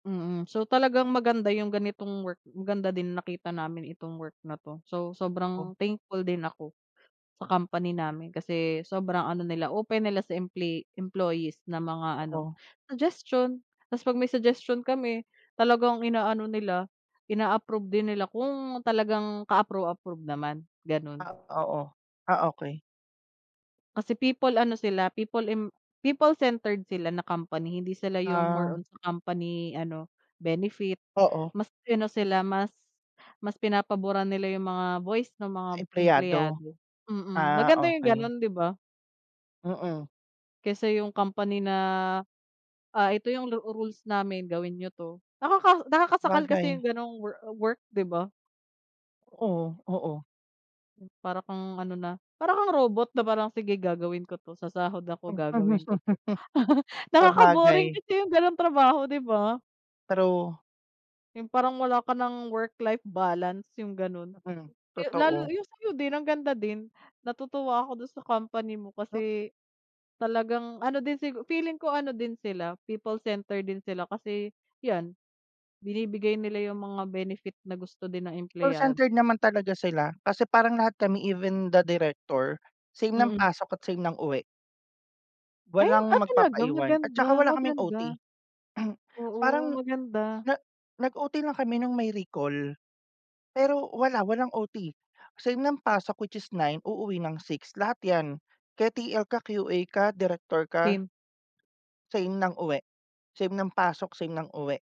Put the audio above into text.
Mm, so talagang maganda 'yong ganitong work, maganda din nakita namin itong work na 'to, so Oo. sobrang thankful din ako sa company namin kasi sobrang ano nila open nila sa emple employees na mga ano Totoo. suggestion. Tas 'pag may suggestion kami talagang inaano nila ina-approve din nila kung talagang ka-approve-approve naman gano'n. Ah, oo. Ah, okey. Kasi people ano sila people im people centered sila na company, hindi sila yung more Ah. on sa company ano benefit, Oo. mas sino sila, mas mas pinapaburan nila yung mga voice ng mga Empleyado, empleyado. Mm, ah maganda yung okey. ganon, 'di ba? Mm. Kaysa yung company na, ah, "ito yung lu rules namin gawin niyo 'to." Nakaka nakakasakal kasi Sabagay. yung ganong wo work 'di ba? Oo, oo. Hmm, para kang ano na, para kang robot na parang, "sige gagawin ko 'to sasahod ako gagawin ko 'to," nakaka-boring Sabagay. kasi yung ganung trabaho 'di ba? True. Yung parang wala ka ng work-life balance yung ganun. Mm, Yu lalo totoo. yung sayo din, ang ganda din, natutuwa ako dun sa company mo Hm kasi talagang ano din sig feeling ko ano din sila people centered din sila, kasi yan binibigay nila yung mga benefit na gusto din ng Call empleyad centered naman talaga sila, kasi parang lahat kami even the director, same ng Mm. pasok at same ng uwi. Ay, Walang ah, talaga, magpapaiwan at maganda tsaka wala kaming maganda, OT. oo, Parang maganda. na nag OT lang kami nung may recall. Pero wala walang OT, same ng pasok which is 9 uuwi ng 6, lahat yan ke TL ka, QA ka, direktor ka. Team. Same ng uwi, same ng pasok, same ng uwi.